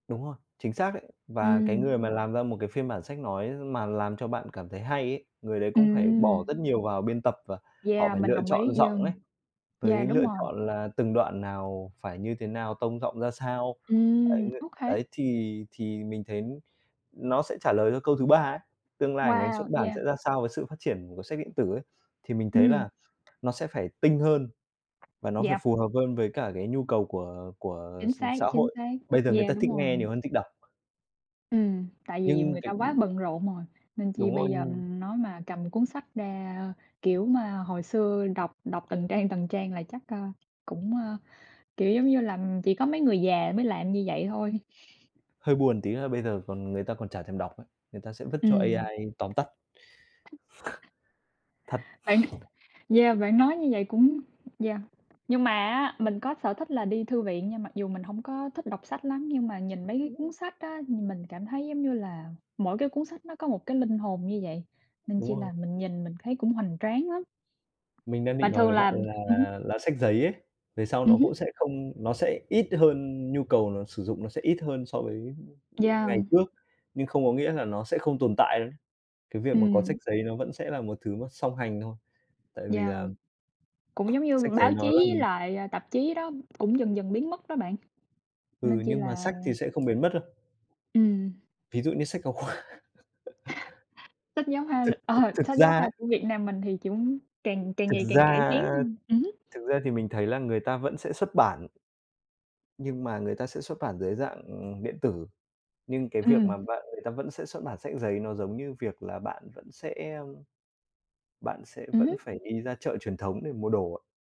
Đúng rồi, chính xác đấy, và cái Ừm. người mà làm ra một cái phiên bản sách nói mà làm cho bạn cảm thấy hay ấy, người đấy cũng phải bỏ Ừm. rất nhiều vào biên tập và họ Yeah, phải mình lựa đồng chọn ý, giọng vâng. ấy, Yeah, với đúng lựa rồi. chọn là từng đoạn nào phải như thế nào, tông giọng ra sao. Ấy Ừm, ng OK. đấy thì thì mình thấy nó sẽ trả lời cho câu thứ ba ấy, tương lai ngành xuất Wow, bản yeah. sẽ ra sao với sự phát triển của sách điện tử ấy, thì mình thấy Ừm. là nó sẽ phải tinh hơn, và nó phải Yeah. phù hợp hơn với cả cái nhu cầu của của Chính x xác, xã chính hội, xác. bây giờ người ta Yeah, đúng thích nghe rồi. nhiều hơn thích đọc. Ừm, tại vì Nhưng người ta cái quá ừm. bận rộn rồi, nên chi Đúng rồi, bây giờ, ừm. ừm, nói mà cầm cuốn sách ra kiểu mà hồi xưa đọc đọc từng trang, từng trang là chắc, a, cũng, ơ, kiểu, giống như là, ừm, chỉ có mấy người già mới làm như vậy thôi. Hơi buồn tí là bây giờ còn người ta còn chả thèm đọc ấy, người ta sẽ vứt cho Ừm. AI tóm tắt. Thật. Bạn yeah, bạn nói như vậy cũng yeah. Nhưng mà á, mình có sở thích là đi thư viện, nhưng mặc dù mình hổng có thích đọc sách lắm, nhưng mà nhìn mấy cái cuốn sách á, ừm, mình cảm thấy, giống như là, mỗi cái cuốn sách nó có một cái linh hồn như vậy, nên chỉ Đúng là rồi. mình nhìn mình thấy cũng hoành tráng lắm. Mình đang Mà định nói thường với bạn là ừm hứm. là là sách giấy ấy, về sau Ừm nó cũng hứm. sẽ không nó sẽ ít hơn nhu cầu nó sử dụng nó sẽ ít hơn so với ngày Yeah. trước, nhưng không có nghĩa là nó sẽ không tồn tại nữa. Cái việc mà có Ừm. sách giấy nó vẫn sẽ là một thứ nó song hành thôi, tại vì Yeah. là Cũng giống như sách giấy báo chí nó là, với ừm lại, à, tạp chí đó cũng dần dần biến mất đó bạn. Nên Ừ, chi nhưng mà là sách thì sẽ không biến mất đâu. Ừm. Ví dụ như sách giáo khoa. Sách giáo khoa Thực thực ờ, thực sách giáo ra khoa ấy của Việt Nam mình thì chúng càng càng Thực ngày càng ra cải tiến hơn. Ừm hứm. thực ra thì mình thấy là người ta vẫn sẽ xuất bản nhưng mà người ta sẽ xuất bản dưới dạng, ừm, điện tử. Nhưng cái việc mà Ừm. bạn người ta vẫn sẽ xuất bản sách giấy nó giống như việc là bạn vẫn sẽ, ưm, bạn sẽ Ừm vẫn hứm. phải đi ra chợ truyền thống để mua đồ á.